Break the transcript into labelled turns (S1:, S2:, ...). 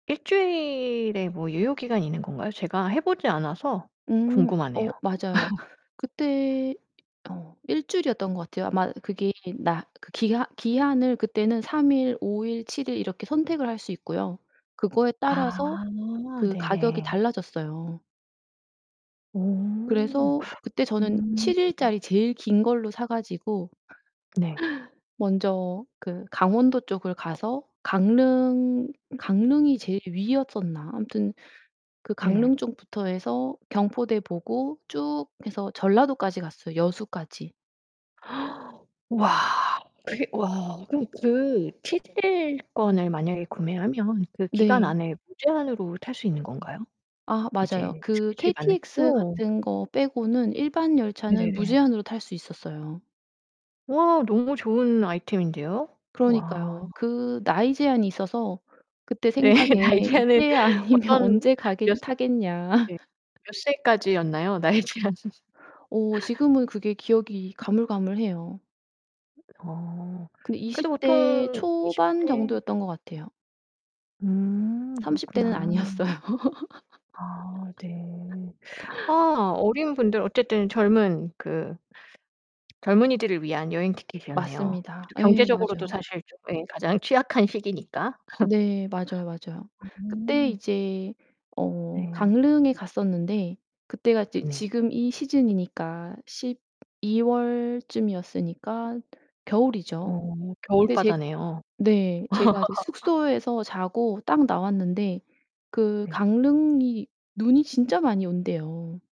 S1: 1 주일에 뭐 유효기간이 있는 건가요? 제가 해 보지 않아서
S2: 음.
S1: 궁금하네요.
S2: 어 맞아요. 그때 어 1 주일이었던 것 같아요. 아마 그게 나 그 기하 기한을 그때는 3 일 5 일 7 일 이렇게 선택을 할 수 있고요. 그거에 따라서
S1: 아
S2: 그 가격이
S1: 네네.
S2: 달라졌어요.
S1: 오.
S2: 그래서 그때 저는
S1: 음.
S2: 7 일짜리 제일 긴 걸로 사 가지고
S1: 네.
S2: 먼저 그 강원도 쪽을 가서 강릉 강릉이 제일 위였었나? 아무튼 그
S1: 네.
S2: 강릉 쪽부터 해서 경포대 보고 쭉 해서 전라도까지 갔어요, 여수까지.
S1: 와 그게 와 그럼 그 7 일권을 만약에 구매하면 그 기간
S2: 네.
S1: 안에 무제한으로 탈 수 있는 건가요?
S2: 아 맞아요.
S1: 이제
S2: 그
S1: 스케줄이 맞는
S2: KTX
S1: 어.
S2: 같은 거 빼고는 일반열차는
S1: 네네네.
S2: 무제한으로 탈 수 있었어요.
S1: 와 너무 좋은 아이템인데요. 와.
S2: 그러니까요. 그 나이 제한이 있어서 그때
S1: 네,
S2: 생각에
S1: 나이제한은
S2: '이때 아니면
S1: 어떤
S2: 언제 가겠
S1: 몇 스
S2: 타겠냐.'
S1: 예 몇 세까지였나요 나이제한은?
S2: 어 지금은 그게 기억이 가물가물해요.
S1: 어.
S2: 근데 20
S1: 그래도
S2: 대
S1: 보통 20
S2: 초반
S1: 대
S2: 정도였던 것 같아요.
S1: 음
S2: 30 대는
S1: 그렇구나.
S2: 아니었어요.
S1: 아 네. 아 어린 분들 어쨌든 젊은 그 젊은이들을 위한 여행 티켓이었네요. 그
S2: 맞습니다.
S1: 또
S2: 예,
S1: 경제적으로도
S2: 맞아요.
S1: 사실 좀 예 가장 취약한 시기니까.
S2: 네, 맞아요 맞아요. 그때
S1: 음.
S2: 이제 어
S1: 네.
S2: 강릉에 갔었는데 그때가 이제
S1: 음 네.
S2: 지금 이 시즌이니까 12 월쯤이었으니까 겨울이죠.
S1: 어 겨울
S2: 근데 제
S1: 바다네요.
S2: 네 제가 이제 숙소에서 자고 딱 나왔는데 그
S1: 네.
S2: 강릉이 눈이 진짜 많이 온대요.